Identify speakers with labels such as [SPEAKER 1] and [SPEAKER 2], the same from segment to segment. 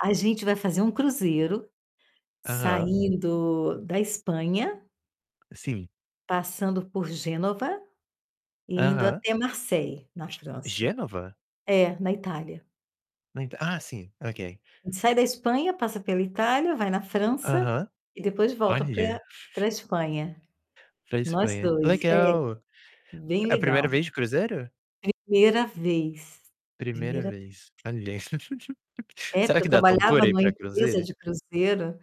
[SPEAKER 1] A gente vai fazer um cruzeiro
[SPEAKER 2] Aham.
[SPEAKER 1] saindo da Espanha
[SPEAKER 2] Sim.
[SPEAKER 1] passando por Génova e indo
[SPEAKER 2] Aham.
[SPEAKER 1] até Marseille, na
[SPEAKER 2] G
[SPEAKER 1] França.
[SPEAKER 2] Génova?
[SPEAKER 1] É, na Itália.
[SPEAKER 2] Não ent ah, sim, ok.
[SPEAKER 1] Sai da Espanha, passa pela Itália, vai na França
[SPEAKER 2] Aham.
[SPEAKER 1] e depois volta pra
[SPEAKER 2] Olha.
[SPEAKER 1] pra Espanha.
[SPEAKER 2] Pra
[SPEAKER 1] Nós
[SPEAKER 2] Espanha.
[SPEAKER 1] 2, é.
[SPEAKER 2] Legal!
[SPEAKER 1] Bem
[SPEAKER 2] É a
[SPEAKER 1] legal.
[SPEAKER 2] 1ª vez de cruzeiro?
[SPEAKER 1] 1ª vez.
[SPEAKER 2] 1ª
[SPEAKER 1] 1ª
[SPEAKER 2] vez. Olha!
[SPEAKER 1] É, porque
[SPEAKER 2] Será que
[SPEAKER 1] eu
[SPEAKER 2] dá
[SPEAKER 1] trabalhava
[SPEAKER 2] tontura ir
[SPEAKER 1] numa
[SPEAKER 2] pra
[SPEAKER 1] empresa
[SPEAKER 2] cruzeiro?
[SPEAKER 1] de cruzeiro,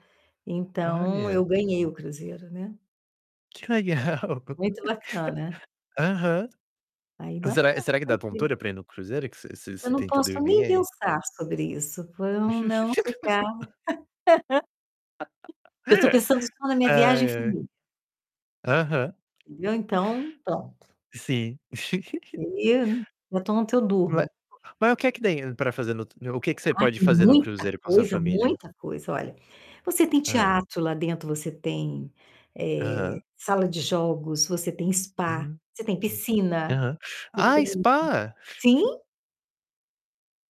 [SPEAKER 1] então
[SPEAKER 2] Olha.
[SPEAKER 1] eu ganhei o cruzeiro, né?
[SPEAKER 2] Que legal.
[SPEAKER 1] Muito bacana.
[SPEAKER 2] Aham.
[SPEAKER 1] Ainda
[SPEAKER 2] Será
[SPEAKER 1] vamos
[SPEAKER 2] será que dá
[SPEAKER 1] fazer.
[SPEAKER 2] tontura pra ir no cruzeiro, que você você
[SPEAKER 1] Eu
[SPEAKER 2] você
[SPEAKER 1] não
[SPEAKER 2] tenta
[SPEAKER 1] posso
[SPEAKER 2] dormir,
[SPEAKER 1] nem
[SPEAKER 2] ai
[SPEAKER 1] pensar sobre isso, pra eu não ficar Eu tô pensando só na
[SPEAKER 2] Ai,
[SPEAKER 1] minha viagem em
[SPEAKER 2] ai.
[SPEAKER 1] família.
[SPEAKER 2] Aham.
[SPEAKER 1] Eu, então, pronto.
[SPEAKER 2] Sim.
[SPEAKER 1] E [unintelligible] eu
[SPEAKER 2] Ma
[SPEAKER 1] durmo.
[SPEAKER 2] mas o que é que tem pra fazer no o que que você
[SPEAKER 1] Ah,
[SPEAKER 2] pode
[SPEAKER 1] tem
[SPEAKER 2] fazer no
[SPEAKER 1] muita
[SPEAKER 2] cruzeiro com a sua
[SPEAKER 1] coisa,
[SPEAKER 2] família?
[SPEAKER 1] muita coisa. Olha: você tem
[SPEAKER 2] Hã.
[SPEAKER 1] teatro lá dentro, você tem, eh,
[SPEAKER 2] Aham.
[SPEAKER 1] sala de jogos, você tem spa,
[SPEAKER 2] Uhum.
[SPEAKER 1] você tem
[SPEAKER 2] Hum.
[SPEAKER 1] piscina,
[SPEAKER 2] Aham.
[SPEAKER 1] você
[SPEAKER 2] Ah,
[SPEAKER 1] tem
[SPEAKER 2] spa?
[SPEAKER 1] sim!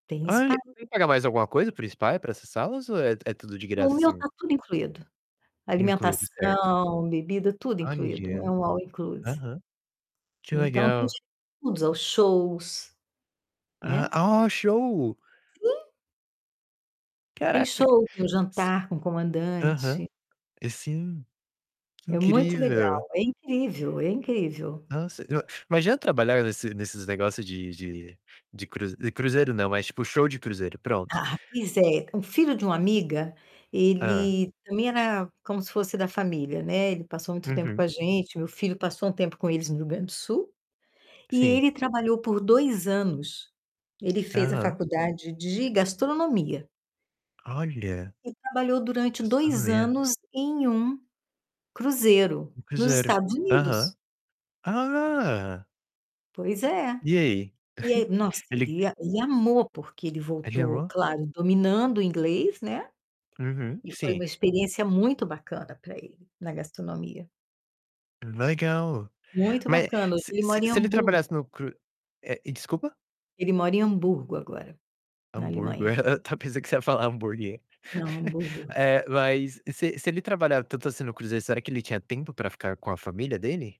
[SPEAKER 1] Tem
[SPEAKER 2] Olhe,
[SPEAKER 1] spa.
[SPEAKER 2] tem que pagar mais alguma coisa pro spa pra acessá-los ou é é tudo de
[SPEAKER 1] O
[SPEAKER 2] graça
[SPEAKER 1] meu
[SPEAKER 2] assim?
[SPEAKER 1] tá tudo incluído.
[SPEAKER 2] Incluído, certo.
[SPEAKER 1] Alimentação, bebida, tudo incluído, é
[SPEAKER 2] Olha.
[SPEAKER 1] um all inclusive.
[SPEAKER 2] Aham. Que
[SPEAKER 1] Então tem
[SPEAKER 2] legal.
[SPEAKER 1] de tudo. Os shows, né?
[SPEAKER 2] Ah ó, show!
[SPEAKER 1] Sim. Tem
[SPEAKER 2] Caraca!
[SPEAKER 1] show, tem o jantar com o
[SPEAKER 2] Aham.
[SPEAKER 1] comandante.
[SPEAKER 2] É sim. Que
[SPEAKER 1] É muito
[SPEAKER 2] incrível.
[SPEAKER 1] legal. É incrível, é incrível.
[SPEAKER 2] Nossa, eu imagina trabalhar nesse nesses negócio de de de cru de cruzeiro não, mas tipo show de cruzeiro, pronto.
[SPEAKER 1] Ah, pois é, o filho de uma amiga,
[SPEAKER 2] Hã.
[SPEAKER 1] ele também era como se fosse da família, né, ele passou muito tempo com
[SPEAKER 2] Uhum.
[SPEAKER 1] a gente, meu filho passou um tempo com eles no Rio Grande do Sul e
[SPEAKER 2] Sim.
[SPEAKER 1] ele trabalhou por 2 anos. Ele fez a
[SPEAKER 2] Aham.
[SPEAKER 1] faculdade de gastronomia
[SPEAKER 2] Olha.
[SPEAKER 1] e trabalhou durante 2
[SPEAKER 2] Gastronomia.
[SPEAKER 1] anos em um cruzeiro
[SPEAKER 2] No
[SPEAKER 1] nos
[SPEAKER 2] cruzeiro.
[SPEAKER 1] Estados
[SPEAKER 2] Aham.
[SPEAKER 1] Unidos.
[SPEAKER 2] Ah!
[SPEAKER 1] Pois é.
[SPEAKER 2] E aí?
[SPEAKER 1] E aí, nossa,
[SPEAKER 2] Ele
[SPEAKER 1] ele
[SPEAKER 2] q
[SPEAKER 1] a ele amou, porque ele
[SPEAKER 2] Ele
[SPEAKER 1] voltou,
[SPEAKER 2] amou?
[SPEAKER 1] claro, dominando o inglês, né?
[SPEAKER 2] Uhum,
[SPEAKER 1] E foi
[SPEAKER 2] sim.
[SPEAKER 1] uma experiência muito bacana pra ele na gastronomia.
[SPEAKER 2] Legal.
[SPEAKER 1] Muito
[SPEAKER 2] Mas
[SPEAKER 1] bacana. Hoje
[SPEAKER 2] se
[SPEAKER 1] ele
[SPEAKER 2] se
[SPEAKER 1] mora em
[SPEAKER 2] se ele
[SPEAKER 1] Hamburgo.
[SPEAKER 2] trabalhasse no cru é, desculpa?
[SPEAKER 1] Ele mora em Hamburgo, agora, na
[SPEAKER 2] Hamburgo,
[SPEAKER 1] Alemanha.
[SPEAKER 2] até pensei que você ia falar hambúrguer.
[SPEAKER 1] Não, Hamburgo.
[SPEAKER 2] É, mas se se ele trabalhava tanto assim no cruzeiro, será que ele tinha tempo pra ficar com a família dele?